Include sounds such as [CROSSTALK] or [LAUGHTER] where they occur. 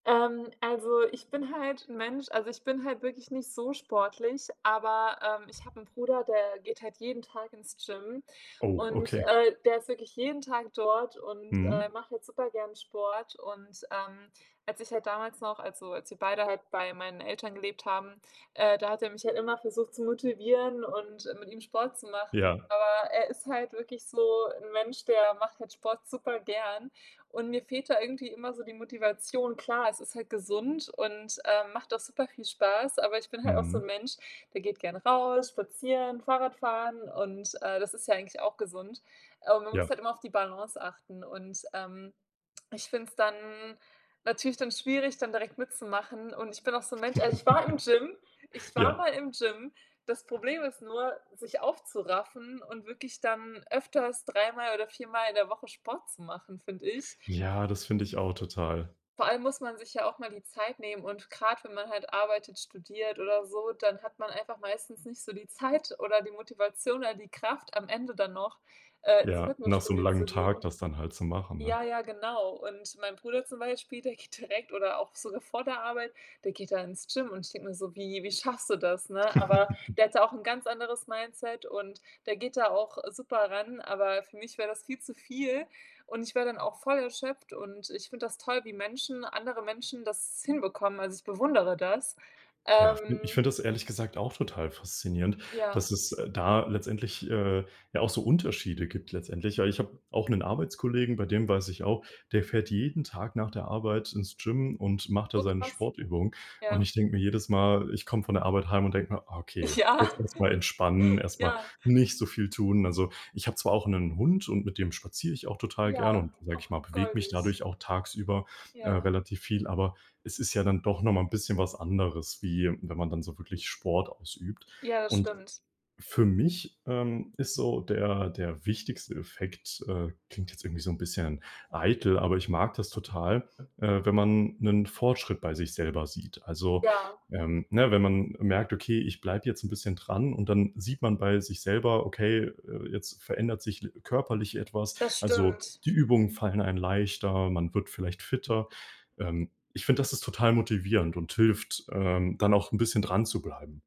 Ähm, also, ich bin halt 'n Mensch also, ich bin halt wirklich nicht so sportlich, aber, ähm, ich habe 'n Bruder, der geht halt jeden Tag ins Gym Oh, und, okay. äh, der ist wirklich jeden Tag dort und, äh, Mhm. macht halt super gern Sport. Und, ähm, als ich halt damals noch also, als wir beide halt bei meinen Eltern gelebt haben, äh, da hat er mich halt immer versucht zu motivieren und mit ihm Sport zu machen. Ja. Aber er ist halt wirklich so 'n Mensch, der macht halt Sport super gern und mir fehlt da irgendwie immer so die Motivation. Klar, es ist halt gesund und, ähm, macht auch super viel Spaß, aber ich bin halt auch so Mhm. 'n Mensch, der geht gern raus, spazieren, Fahrradfahren und, äh, das ist ja eigentlich auch gesund. Aber man muss Ja. halt immer auf die Balance achten und, ähm, ich finde es dann natürlich dann schwierig, dann direkt mitzumachen. Und ich bin auch so 'n Mensch also, ich war im Gym, [CHUCKLES] ich war Ja. mal im Gym. Das Problem ist nur, sich aufzuraffen und wirklich dann öfters, dreimal oder viermal in der Woche Sport zu machen, finde ich. Ja, das finde ich auch total. Vor allem muss man sich ja auch mal die Zeit nehmen und gerade wenn man halt arbeitet, studiert oder so, dann hat man einfach meistens nicht so die Zeit oder die Motivation oder die Kraft, am Ende dann noch, äh, ins Ja, nach so 'nem Fitnessstudio langen zu Tag gehen. das dann halt zu machen, ne? Ja, ja, genau und mein Bruder zum Beispiel, der geht direkt oder auch sogar vor der Arbeit, der geht dann ins Gym und ich denke mir so: „Wie wie schaffst du das?“, ne? Aber [CHUCKLES] der hat da auch 'n ganz anderes Mindset und der geht da auch super ran, aber für mich wäre das viel zu viel und ich wäre dann auch voll erschöpft und ich finde das toll, wie Menschen andere Menschen das hinbekommen. Also, ich bewundere das. Ja, fi ich Ähm. finde das ehrlich gesagt auch total faszinierend, Ja. dass es, äh, da letztendlich, äh, ja auch so Unterschiede gibt letztendlich. Ja, ich habe auch 'nen Arbeitskollegen, bei dem weiß ich auch, der fährt jeden Tag nach der Arbeit ins Gym und macht da So seine krass. Sportübungen. Und Ja. ich denke mir jedes Mal, ich komme von der Arbeit heim und denke mir: „Okay, Ja. jetzt erst mal entspannen, [CHUCKLES] erst mal Ja. nicht so viel tun.“ Also, ich habe zwar auch 'nen Hund und mit dem spaziere ich auch total gerne Ja, und, sage ich ach mal, bewege mich goldig. dadurch auch tagsüber, äh, Ja. relativ viel, aber es ist ja dann doch noch mal 'n bisschen was anderes, wie wenn man dann so wirklich Sport ausübt. Ja, das Und stimmt. für mich, ähm, ist so der der wichtigste Effekt äh, klingt jetzt irgendwie so 'n bisschen eitel, aber ich mag das total, äh, wenn man 'nen Fortschritt bei sich selber sieht. Also, Ja. ähm, ne, wenn man merkt: „Okay, ich bleibe jetzt 'n bisschen dran“ und dann sieht man bei sich selber: „Okay, äh, jetzt verändert sich l körperlich etwas.“ Das Also, stimmt. die Übungen fallen einem leichter, man wird vielleicht fitter. Ähm, ich finde, das ist total motivierend und hilft, ähm, dann auch 'n bisschen dranzubleiben.